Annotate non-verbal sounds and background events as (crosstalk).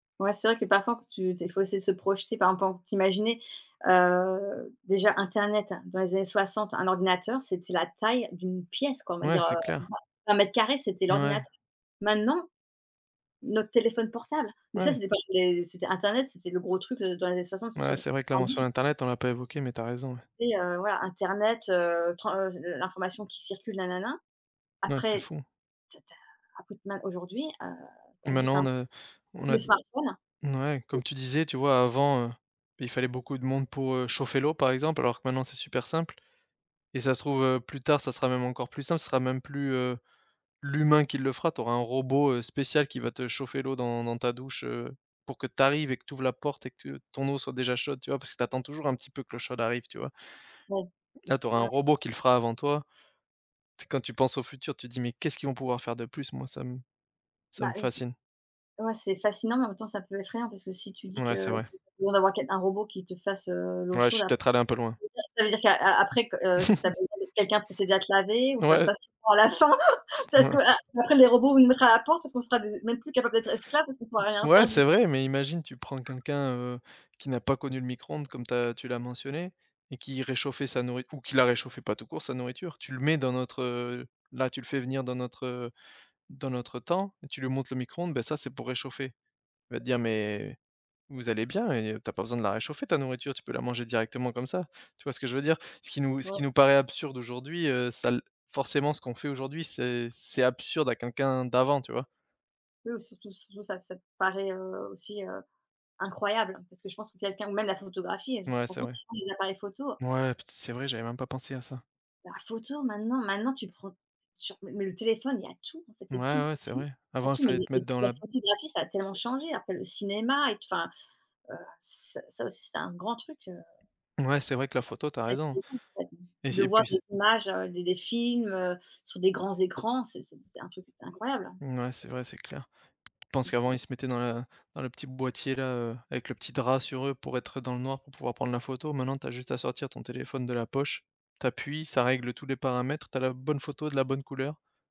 Ouais c'est vrai que parfois faut tu tu es faut essayer de se projeter, par exemple en t'imaginer, heu, déjà internet dans les années 60, un ordinateur, c'était la taille d'une pièce quoi, on va Ouais, dire, c'est heu, clair. vingt vingt mètres carrés c'était N ouais. l'ordinateur. Maintenant, notre téléphone portable, mais ça, Ouais. c'était pas des c'était internet, c'était le gros truc, heu, dans les années Ouais, c'est vrai que la soixante-soixante-dix-quatre-vingt mention dix. internet, on l'a pas évoquée, mais tu as raison ouais. Après, heu, voilà, internet, heu, tre heu, l'information qui circule, nanana. N ouais, c'est Après, fou. ta alors qu'au final aujourd'hui, heu, tu Et as juste maintenant, un on a on a les des smartphones. n ouais, comme tu disais, tu vois, avant, heu, il fallait beaucoup de monde pour, heu, chauffer l'eau par exemple, alors que maintenant, c'est super simple et ça se trouve, heu, plus tard, ça sera même encore plus simple, ce sera même plus, heu, l'humain qui le fera, tu auras un robot, heu, spécial qui va te chauffer l'eau dans dans ta douche, heu, pour que tu arrives et que tu ouvres la porte et que tu ton eau soit déjà chaude, tu vois? Parce que tu attends toujours un petit peu que l'eau chaude arrive, tu vois? Ouais. Là, tu auras un Mouais. robot qui le fera avant toi. C'est quand tu penses au futur, tu te dis: «Mais qu'est-ce qu'ils vont pouvoir faire de plus?», moi, ça me ça Bah, me heu, si fascine. ouais c'est fascinant, mais en même temps c'est un peu effrayant, parce que si tu dis Mouais c'est que vrai. (unintelligible) besoin d'avoir quel un robot qui te fasse, heu, l'eau Ouais je chaude suis ap peut-être allé un peu loin. et ça, ça veut dire qu'a a après, qu heu, tu as (chuckles) besoin de quelqu'un pour t'aider à te laver ou ça se Ouais. passe comment à la fin? (chuckles) Parce Mouais. que a après les robots nous mettraient à la porte parce qu'on sera des même plus capable d'être esclave parce qu'on pourra M rien ouais, faire du c'est tout. vrai, mais imagine, tu prends quelqu'un, heu, qui n'a pas connu le micro-ondes comme tu as tu l'as mentionné et qui réchauffait sa nourri ou qui la réchauffait pas tout court sa nourriture, tu le mets dans notre, heu là, tu le fais venir dans notre, heu, dans notre temps et tu lui montres le micro-ondes, bah ça, c'est pour réchauffer. Il va dire, mais vous allez bien et tu as pas besoin de la réchauffer ta nourriture, tu peux la manger directement comme ça. Tu vois ce que je veux dire? Ce qui nous ce qui Bah nous paraît absurde aujourd'hui, heu, ça l forcément, ce qu'on fait aujourd'hui, c'est c'est absurde à quelqu'un d'avant, tu vois? Oui ou surtout surtout ça ça te paraît, heu, aussi, heu, incroyable, parce que je pense que quelqu'un ou même la photographie, tu te Mouais, rends c'est compte vrai. (unintelligible) les appareils photo. Ouais, put c'est vrai, j'avais même pas pensé à ça. La photo maintenant, maintenant tu prends, sur m m mais le téléphone il y a tout, en fait Mouais, c'est tout ouais, c'est petit, vrai. il y a Avant, il tout, mais fallait les te mettre les dans la la b photographie ça a tellement changé après le cinéma et p enfin, heu, ça ça aussi c'est un grand truc, heu Ouais c'est vrai que la photo tu as raison, (unintelligible) et j De et voir puis s des images, heu, des des films, heu, sur des grands écrans, c'est c'était un truc qui était incroyable. Mmh, ouais, c'est vrai, c'est clair. Je pense Mmh c'est qu'avant, vrai. ils se mettaient dans la dans le petit boîtier là, heu, avec le petit drap sur eux pour être dans le noir, pour pouvoir prendre la photo. Maintenant, tu as juste à sortir ton téléphone de la poche. Tu appuies, ça règle tous les paramètres, tu as la bonne photo de la bonne couleur.